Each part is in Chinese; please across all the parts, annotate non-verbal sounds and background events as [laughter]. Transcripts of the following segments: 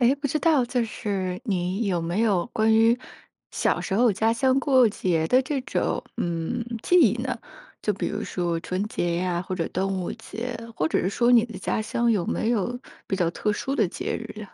哎，不知道就是你有没有关于，小时候家乡过节的这种，嗯，记忆呢？就比如说春节呀或者端午节，或者是说你的家乡有没有比较特殊的节日呀？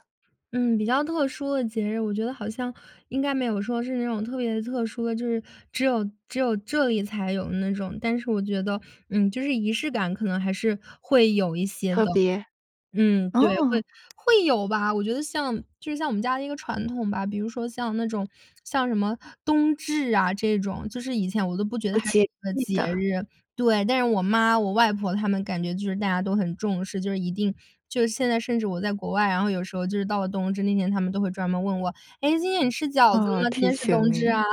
嗯，比较特殊的节日，我觉得好像应该没有说是那种特别特殊的，就是只有只有这里才有的那种。但是我觉得，嗯，就是仪式感可能还是会有一些特的。别。嗯，对，会哦。会有吧。我觉得像就像我们家的一个传统吧，比如说像那种像什么冬至啊这种，就是以前我都不觉得哦，它是节一个气节的。日，对。但是我妈、我外婆，她们感觉就是大家都很重视。就是一定就是现在甚至我在国外，然后有时候就是到了冬至那天，她们都会专门问我：“哎，今天你吃饺子哦，吗？今提天是冬醒至啊。”你。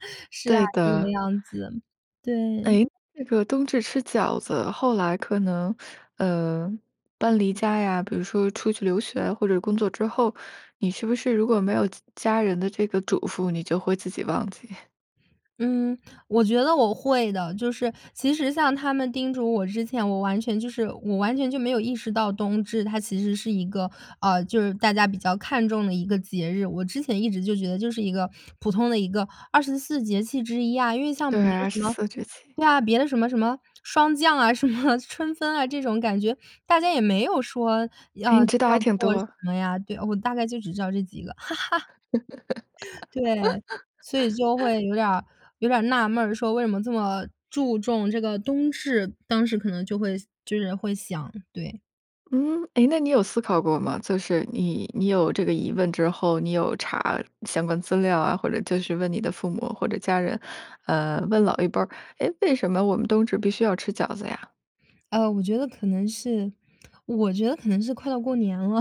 [laughs] 是啊，对这个的。样子，对。哎，这个冬至吃饺子后来可能，呃，搬离家呀比如说出去留学或者工作之后，你是不是如果没有家家人的这个嘱咐，你就会自己忘记？[chuckles] 嗯，我觉得我会的。就是其实像他们叮嘱我之前，我完全就是我完全就没有意识到冬至它其实是一个呃，就是大家比较看重的一个节日。我之前一直就觉得就是一个普通的一个24节气之一啊，因为像别对，的二什十么四节气。对啊，别的什么什么霜降啊，什么春分啊，这种感觉，大家也没有说要哎，你要知道还挺做什多。么呀。对，我大概就只知道这几个。[laughs] 对，所以就会 [laughs] 有点儿有点儿纳闷，说为什么这么注重这个冬至？当时可能就会想就是会想，对。嗯，哎，那你有思考过吗？就是你你有这个疑问之后，你有查相关资料啊，或者就是问你的父母或者家人，呃，问老一辈儿哎，为什么我们冬至必须要吃饺子呀？呃，我觉得可能是我觉得可能是快到过年了。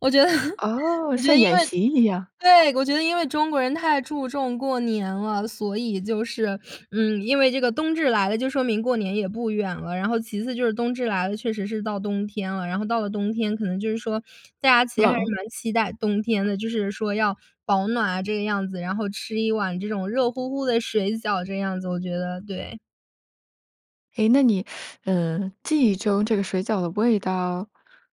我觉得哦，我觉像得因演为习一样。对我觉得因为中国人太注重过年了。所以就是嗯，因为这个冬至来了就说明过年也不远了，然后其次就是冬至来了，确实是到冬天了，然后到了冬天可能就是说大家其实还是冷。蛮期待冬天的。就是说要保暖啊这个样子，然后吃一碗这种热乎乎的水饺这样子我觉得，对。哎，那你呃，记忆中这个水饺的味道，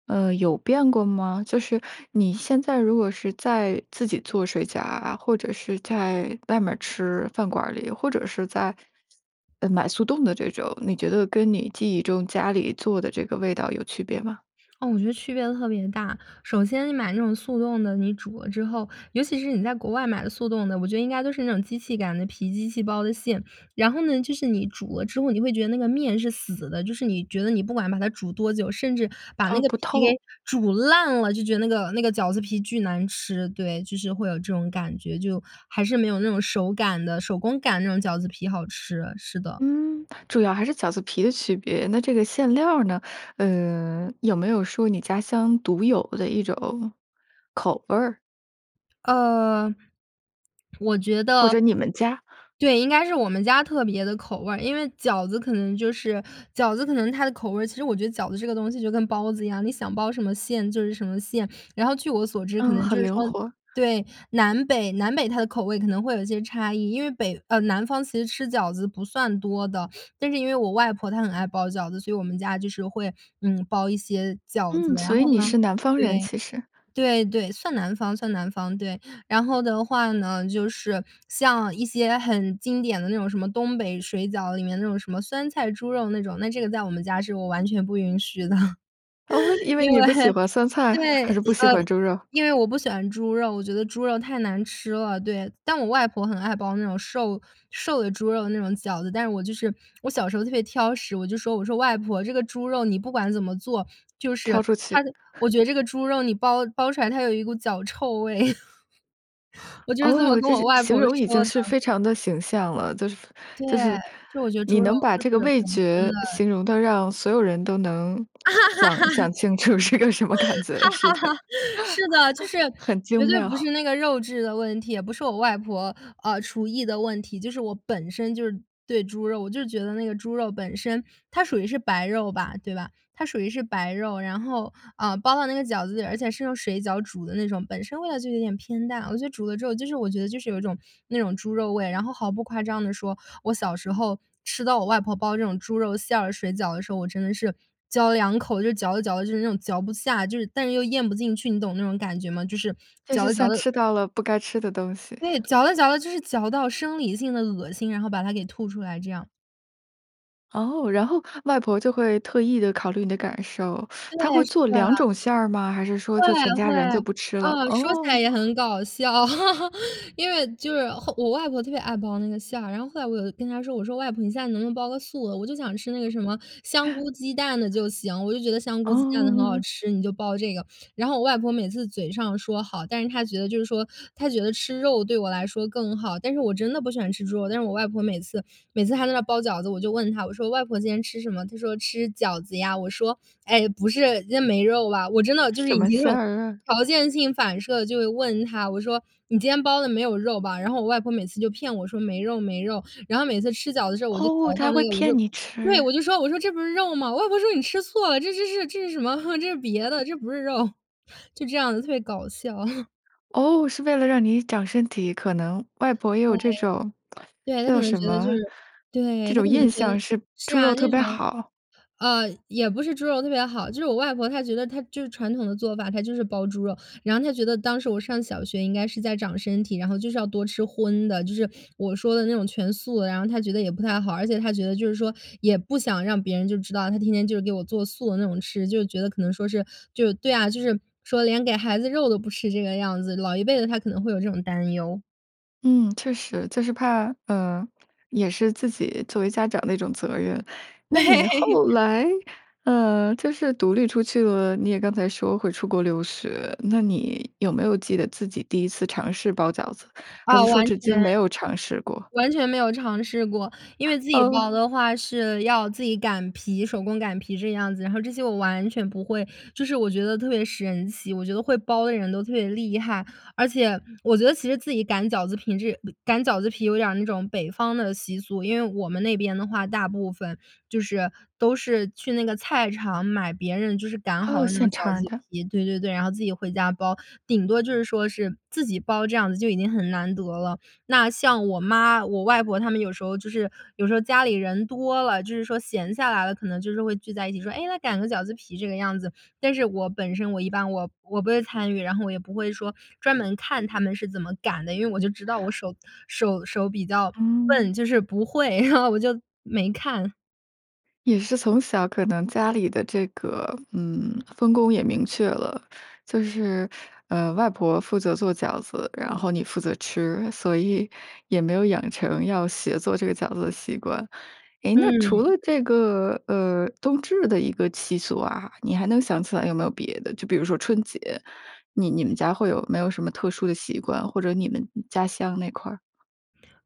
呃，有变过吗？就是你现在如果是在自己做水饺啊，或者是在外面儿吃饭馆儿里，或者是在，呃，买速冻的这种，你觉得跟你记忆中家里做的这个味道有区别吗？嗯，我觉得区别特别大。首先你买那种速冻的，你煮了之后尤其是你在国外买的速冻的，我觉得应该都是那种机器擀的皮，机器包的馅。然后呢，就是你煮了之后，你会觉得那个面是死的，就是你觉得你不管把它煮多久，甚至把那哦，个不皮给透。煮烂了，就觉得那个那个饺子皮巨难吃。对，就是会有这种感觉，就还是没有那种手擀的手工擀那种饺子皮好吃，是的。嗯，主要还是饺子皮的区别，那这个馅料儿呢？呃，有没有说你家乡独有的一种口味儿？呃，我觉或得者你们家。对，应该是我们家特别的口味。因为饺子可能就是饺子，可能它的口味其实我觉得饺子这个东西就跟包子一样，你想包什么馅就是什么馅，然后据我所知，可嗯，能就很是灵说活。对，南北南北它的口味，可能会有一些差异。因为北呃，南方其实吃饺子不算多的，但是因为我外婆她很爱包饺子，所以我们家就是会，嗯，包一些饺子。嗯，所然后以你呢是南方人，其对，实。对对，算南方算南方，对，然后的话呢，就是像一些很经典的那种什么，东北水饺里面那种什么酸菜猪肉那种，那这个在我们家是我完全不允许的。[laughs] 哦，因为因为你不喜 [chuckles] 欢酸菜对，还是不喜呃，欢猪肉？因为我不喜欢猪肉，我觉得猪肉太难吃了。对但我外婆很爱包那种瘦瘦的猪肉那种饺子。但是我就是我小时候特别挑食，我就说我说：“外婆这个猪肉，你不管怎么做，就是挑出去。它我觉得这个猪肉你包包出来，它有一股脚臭味。” [laughs] 我就是这么哦，跟这我形外婆形容已经说的。是非常地形象了，就是对，就是就我觉得你猪肉能把就这个是味本身觉的形容得让所有人都能想 [laughs] 想清楚是个什么感觉是的。[laughs] 是的，就 [laughs] 是很精绝对不妙。是那个肉质的问题，也不是我外婆，呃，厨艺的问题，就是我本身就是对猪肉我就觉得那个猪肉本身它属于是白肉吧。对吧？它属于是白肉，然后，呃，包到那个饺子里，而且是用水饺煮的那种，本身味道就有点偏淡，我觉得煮了之后，就是我觉得就是有一种那种猪肉味，然后毫不夸张地说，我小时候吃到我外婆包这种猪肉馅儿水饺的时候，我真的是嚼2口就嚼着嚼着，就是那种嚼不下，就是但又咽不进去，你懂那种感觉吗？就是就嚼是着嚼像着吃到了不该吃的东西。对，嚼着嚼着就是嚼到生理性的恶心，然后把它给吐出来这样。哦，然后，外婆就会特意地考虑你的感受，[sucks teeth] 对，她会是做2啊。种馅儿吗？还是说，会就全家会，人就不吃了？啊，说起来哦。也很搞笑。[laughs] 因为就是后我外婆特别爱包那个馅儿，然后后来我有跟她说，我说：“外婆，你现在能不能包个素的，我就想吃那个什么香菇鸡蛋的，就行。我就觉得香菇鸡蛋的很好嗯。吃，你就包这个。”然后我外婆每次嘴上说“好”，但是她觉得就是说她觉得吃肉对我来说更好，但是我真的不喜欢吃猪肉，但是我外婆每次每次还在那包饺子，我就问她，我说：“外婆今天吃什么？”她说：“吃饺子呀。”我说：“哎，不是，今天没肉吧？”我真的就是什已么经这馅种儿？条件性反射地就会问她，我说：“你今天包的没有肉吧？”然后我外婆每次就骗我说：“没肉没肉。”然后每次吃饺子的时候，我就嚼哦，她到还会那个，我骗就你对，吃。我就说，我说：“这不是肉吗？”我外婆说：“你吃错了，这这这是这是什么？[laughs] 这是别的，这不是肉。”就这样子，特别搞笑。[laughs] 哦，是为了让你长身体，可能外婆也对，有这种 [smacks lips] 对。她可叫能什觉得就么？是这对，她种可能印觉得象是，是猪啊，肉特那别种好。呃，也不是猪肉特别好。就是我外婆她觉得，她就是传统的做法，她就是包猪肉，然后她觉得当时我上小学，应该是在长身体，然后就是要多吃荤的，就是我说的那种全素的，然后她觉得也不太好，而且她觉得，就是说也不想让别人就知道，她天天就给我做素的那种吃，就觉得可能说是就是对啊，就是说连给孩子肉都不吃，这个样子。老一辈的，她可能会有这种担忧。嗯，确实。就是怕呃，也是自己作为家长的一种责任。那你对。后 [chuckles] 来呃，就是独立出去了你也刚才说会出国留学，那你，有没有记得自己第1次尝试包饺子？还是啊，说完至今全，没有尝试过？完全没有尝试过。因为 [chuckles] 自己哦。包的话是要自己擀皮手工擀皮这样子，然后这些我完全不会。就是我觉得特别神奇，我觉得会包的人都特别厉害。而且，我觉得其实自己擀饺子平这呃，擀饺子皮有点儿那种北方的习俗。因为我们那边的话大部分，就是都是去那个菜市场买别人就是擀好哦，的那种现饺成儿子的。皮对对对，然后，自己回家包。顶多就是说是自己包这样子就已经很难得了。那，像我妈、我外婆她们有时候就是有时候家里人多了，就是说闲下来了，可能就是会聚在一起，说”诶，那擀个饺子皮“这个样子。但是我本身我一般我我不会参与，然后我也不会说专门看她们是怎么擀的，因为我就知道我手手手比较哦。笨，就是不会，[chuckles] 然后我就没看。也是从小可能家里的这个，嗯，分工也明确了，就是，呃，外婆负责做饺子，然后你负责吃，所以也没有养成要学做这个饺子的习惯。诶，那除了嗯。这个，呃，冬至的一个习俗啊，你还能想起来有没有别的，就比如说春节，你你们家会有没有什么特殊的习惯，或者你们，嗯，家乡那块儿？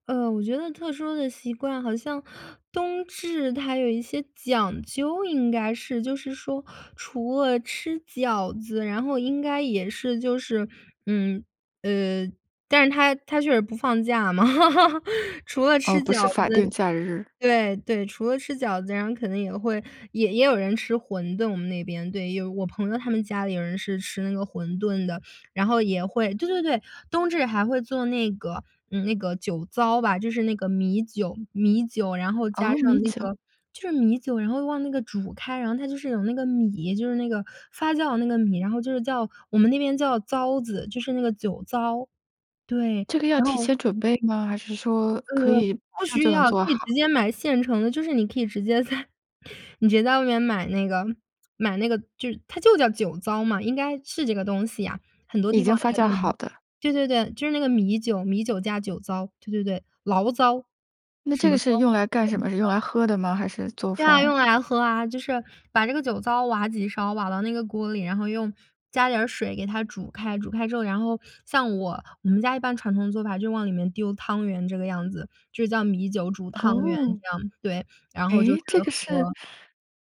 呃，我觉得特殊的习惯，好像冬至它有一些讲究，应该是，就是说除了吃饺子，然后应该也是就是嗯，呃但是它它就是不放假嘛，[laughs] 除了哦，吃不饺是法定子假日。对，对除了吃饺子，然后可能也会也也有人吃馄饨，我们那边。对，我朋友他们家里有人是吃那个馄饨的，然后也会对对对，冬至还会做那个嗯，那个酒糟吧，就是那个米酒米酒，然后加哦，上米那酒。个就是米酒，然后往那个煮开，然后它就是有那个米，就是那个发酵的那个米，然后就是叫我们那边叫糟子，就是那个酒糟。对，这个要然提后前准备吗？还是说呃，可以马不上需就能要，可做以好？直接买现成的，就是你可以直接在你直接在外面买那个买那个就它就叫酒糟嘛，应该是这个东西呀，很多已地方经发应该酵都好能的。对对对，就是那个米酒，米酒加酒糟，对对对，醪糟，那什这个么糟？是用来我干也不什知么？是用糟。来喝的吗？还是做对饭啊，用啊？来喝啊，就是把这个酒糟挖几勺，挖到那个锅里，然后用加点儿水给它煮开。煮开之后，然后像我，我们家一般传统做法就往里面丢汤圆这个样子，就叫米酒煮汤圆哦，这样，对，然后就是诶，这个是喝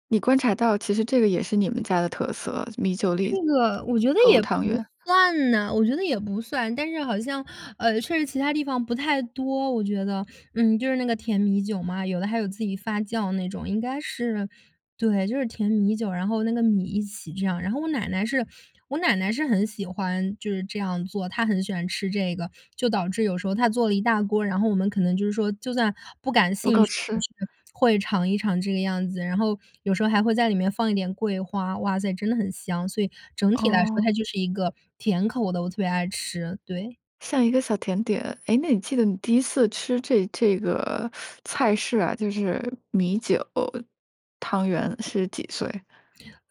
你观察到其实这个也是你们家的特色，就米酒这里，个，我觉得投也汤不圆。算呐我觉得也不算。但是好像，呃，确实其它地方不太多，我觉得。嗯，就是那个甜米酒嘛，有的还有自己发酵那种，应该是对，就是甜米酒，然后那个米一起这样。然后我奶奶是我奶奶是很喜欢，就是这样做，她很喜欢吃这个，就导致有时候她做了一大锅，然后我们可能就是说就算不感不兴够趣也吃。是，会尝一尝这个样子，然后有时候还会在里面放一点桂花。哇塞，真的很香，所以整体来说它哦。就是一个甜口的，我特别爱吃，对。像一个小甜点。诶，那你记得你第1次吃这这个菜式啊，就是米酒，汤圆是几岁？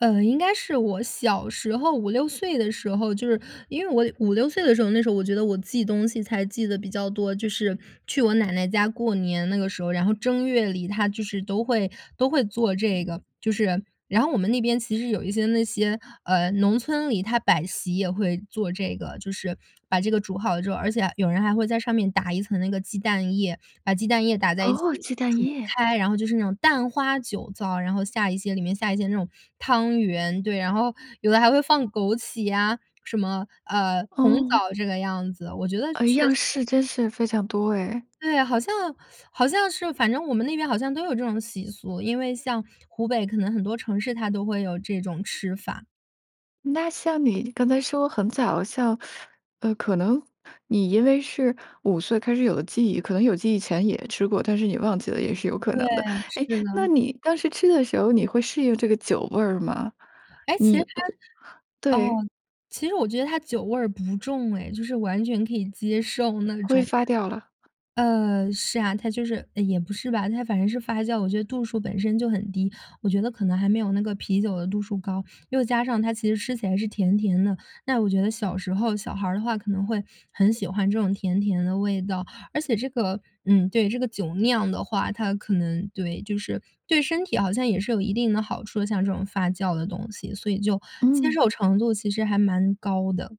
呃，应该是我小时候5- 6岁的时候，就是因为我5- 6岁的时候，那时候我觉得我记东西才记得比较多。就是去我奶奶家过年那个时候，然后正月里她就是都会都会做这个，就是然后我们那边其实有一些那些，呃，农村里它摆席也会做这个，就是把这个煮好了之后而且还有人还会在上面打一层那个鸡蛋液，把鸡蛋液打在一哦，起鸡蛋煮液。开，然后就是那种蛋花酒糟，然后下一些里面下一些那种汤圆，对，然后有的还会放枸杞呀，什么呃，红哦。枣这个样子，我觉得呃，确样实式真是非常多哎。对啊，好像好像是，反正我们那边好像都有这种习俗，因为像湖北可能很多城市它都会有这种吃法。那像你刚才说很早，像呃，可能你因为是5岁开始有了记忆，可能有记忆前也吃过，但是你忘记了，也是有可对，能的。诶，是那的。你当时吃的时候，你会适应这个酒味儿吗？诶，其你实它对。哦，其实我觉得它酒味儿不重哎。就是完全可以接受那挥种，发掉了。呃，是啊，它就是也不是吧，它反正是发酵。我觉得度数本身就很低，我觉得可能还没有那个啤酒的度数高，又加上它其实吃起来是甜甜的。那我觉得小时候，小孩儿的话可能会很喜欢这种甜甜的味道。而且这个嗯，对，这个酒酿的话，它可能对，就是对身体好像也是有一定的好处的，像这种发酵的东西。所以就接嗯。受程度其实还蛮高的。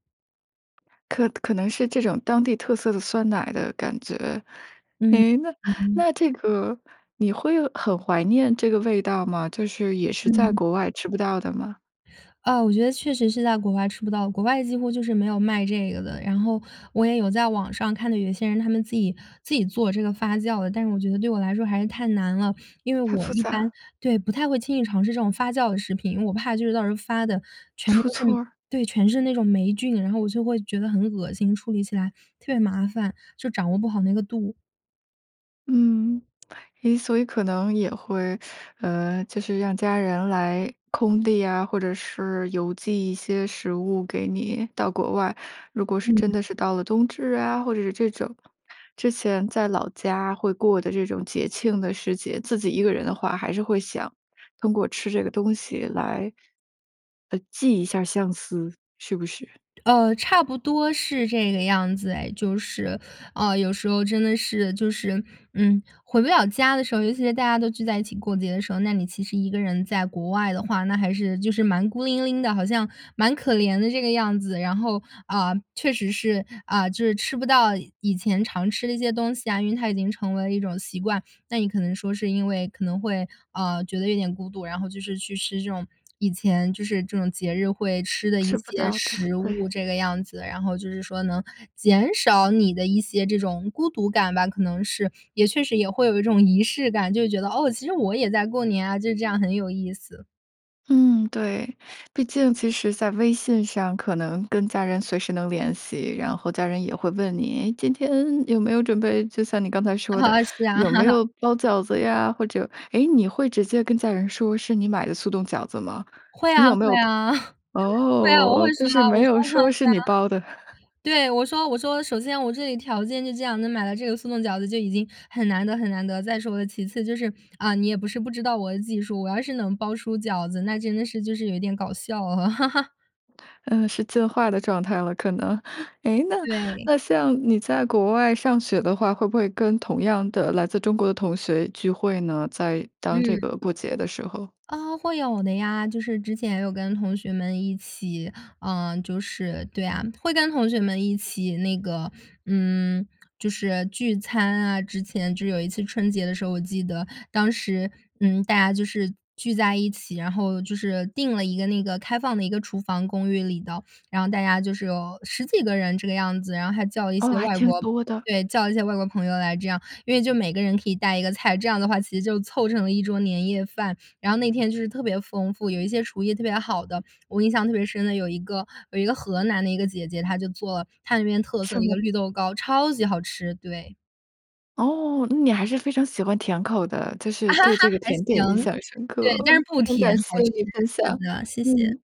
可可能是这种当地特色的酸奶的感觉。嗯，诶，那嗯哼。那这个你会很怀念这个味道吗？就是，也是在嗯。国外吃不到的吗？啊，我觉得确实是在国外吃不到。国外几乎就是没有卖这个的，然后，我也有在网上，看到有些人他们自己自己做这个发酵的。但是我觉得，对我来说还是太难了。因为太我复一般杂。对，不太会轻易尝试这种发酵的食品。因为我怕就是到时候发的，全部出都是那错儿。对，全是那种霉菌，然后我就会觉得很恶心，处理起来特别麻烦，就掌握不好那个度。嗯。哎，所以可能也会 [sucks teeth] 呃，就是让家人来空递啊，或者是邮寄一些食物给你到国外。如果是真嗯。的是到了冬至啊，或者是这种之前在老家会过的这种节庆的时节，自己一个人的话，还是会想通过吃这个东西来，呃，寄一下相思，是不是？呃，差不多是这个样子哎。就是，啊，有时候真的是就是，嗯，回不了家的时候，尤其在大家都聚在一起过节的时候，那你其实一个人在国外的话，那还是就是蛮孤零零的，好像蛮可怜的这个样子。然后，啊，确实是，啊，就是吃不到以前常吃的一些东西啊，因为它已经成为了一种习惯。那你可能说是因为可能会，啊，觉得有点孤独，然后就是去吃这种以前就是这种节日会吃的一吃不些到的，食对。物，这个样子。然后就是说，能减少你的一些，这种孤独感吧，可能是。也确实也会有一种仪式感，就是觉得：“哦，其实我也在过年啊，就是这样很有意思。”嗯，对。毕竟其实在微信上可能跟家人随时能联系，然后家人也会问你：“诶，今天有没有准备”就像你刚才说的，[laughs] 是啊。“有没 [laughs] 有包饺子呀，或者“诶，你会直接跟家人说是你买的速冻饺子吗？会你啊有没会有啊，[laughs] 会啊，我哦，会就说是啊，我没有说哈，说是你包的。[laughs] 对啊。对，我说我说首先我这里条件就这样，能买到这个速冻饺子就已经很难得很难得，再说了其次就是嗯，你也不是不知道我的技术，我要是能包出饺子，那真的是就是有点搞笑啊。[laughs] 呃，是进化的状态了，可能。诶，那对。那像你在国外上学的话，会不会跟同样的来自中国的同学聚会呢？在当这嗯。个过节的时候。啊，会有的呀。就是之前也有跟同学们一起，嗯，就是对啊，会跟同学们一起那个，嗯，就是聚餐啊。之前就是有一次春节的时候，我记得当时，嗯，大家就是聚在一起，然后就是定了一个那个开放的一个厨房公寓里的，然后大家就是有10几个人这个样子。然后还叫了一哦，些还外挺国多的。对，叫了一些外国朋友来这样，因为就每个人可以带一个菜，这样的话其实就凑成了一桌年夜饭。然后那天就是特别丰富，有一些厨艺特别好的，我印象特别深的有一个有一个河南的一个姐姐，她就做她那边特色什的一么。个绿豆糕，超级好吃，对。哦，那你还是非常喜欢甜口的。就是对 [laughs] 这个还甜点行。印象深对，刻。但很是不很甜，感谢好吃。你分是享，的，谢谢。嗯。